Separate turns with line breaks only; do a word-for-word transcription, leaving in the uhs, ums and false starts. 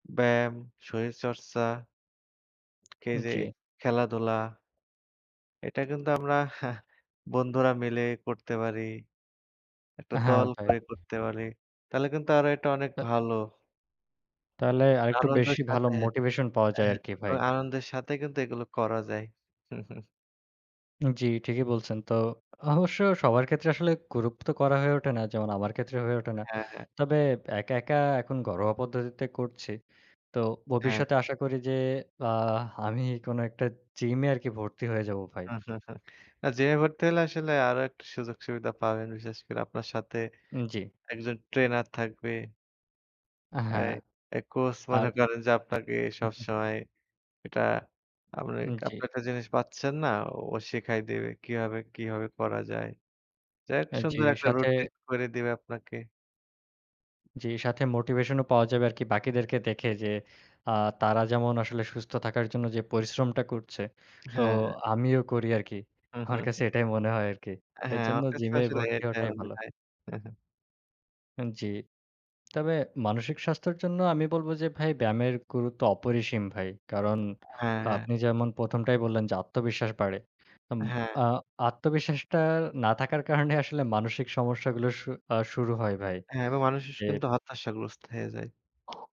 ব্যায়াম, শরীরচর্চা কে যে
জ্বী।
খেলাধুলা এটা কিন্তু আমরা বন্ধুরা মিলে করতে পারি। একটা
অ্যা হ্যাঁ,
দল
ভাই।
তৈরি করতে পারি, তাইলে কিন্তু আরো এটা অনেক
তা
ভালো
তাহলে আরেকটু
আনন্দের
বেশি ভালো
সাথে,
মোটিভেশন পাওয়া যায়
অ্যাহ
আরকি, ভাই।
আনন্দের সাথে কিন্তু এগুলো করা যায়।
উ জ্বী, ঠিকই বলছেন। তো, অবশ্য সবার ক্ষেত্রে আসলে গুরুপ তো করা হয়ে ওঠে না। যেমন আমার ক্ষেত্রে হয়ে ওঠে না।
হ্যাঁ, হ্যাঁ।
তবে একা, একা এখন ঘরোয়া পদ্ধতিতে করছি। তো
হ্যাঁ।
ভবিষ্যতে আশা করি যে আ আমি কোন একটা জিমে আরকি ভর্তি হয়ে যাবো ভাই।
আ জিমে ভর্তি হলে আসলে আরো একটা সুযোগ-সুবিধা পাবেন। বিশেষ করে আপনার সাথে,
উম জ্বী।
একজন ট্রেনার থাকবে
আ হ্যাঁ।
এই এ কোচ
আর
মনে করেন যে আপনাকে সবসময় এটা আপনি
উ জ্বী।
আপনি একটা জিনিস পাচ্ছেন না ও শিখায় দিবে। কিভাবে, কিভাবে করা যায়। যাই হোক
আ জ্বী,
সুন্দর একটা
সাথে
রুটিন করে দেবে আপনাকে।
জ্বী, সাথে মোটিভেশন ও পাওয়া যাবে আরকি বাকিদেরকে দেখে যে, আ তারা যেমন আসলে সুস্থ থাকার জন্য যে পরিশ্রমটা করছে। তো
হ্যাঁ, হ্যাঁ।
আমিও করি আরকি।
হু, হু,
আমার কাছে
হু।
এটাই মনে হয় আরকি।
অ্যা হ্যাঁ,
এজন্য
আমার কাছে তো
জিমে
আসলে
ভর্তি
এটা
হওয়াটাই
মনে
ভালো।
হয়।
উ জ্বী। তবে মানসিক স্বাস্থ্যের জন্য আমি বলব যে ভাই ব্যায়ামের গুরুত্ব অপরিসীম ভাই। কারণ
এ হ্যাঁ, হ্যাঁ।
আপনি যেমন প্রথম টাই বললেন যে আত্মবিশ্বাস বাড়ে। উম
হ্যাঁ।
আ আত্মবিশ্বাসটা না থাকার কারণে আসলে মানসিক সমস্যাগুলো শু আ শুরু হয় ভাই।
হ্যাঁ, এভাবে মানুষ স
যে
কিন্তু হত্যাশাগ্রস্ত হয়ে যায়।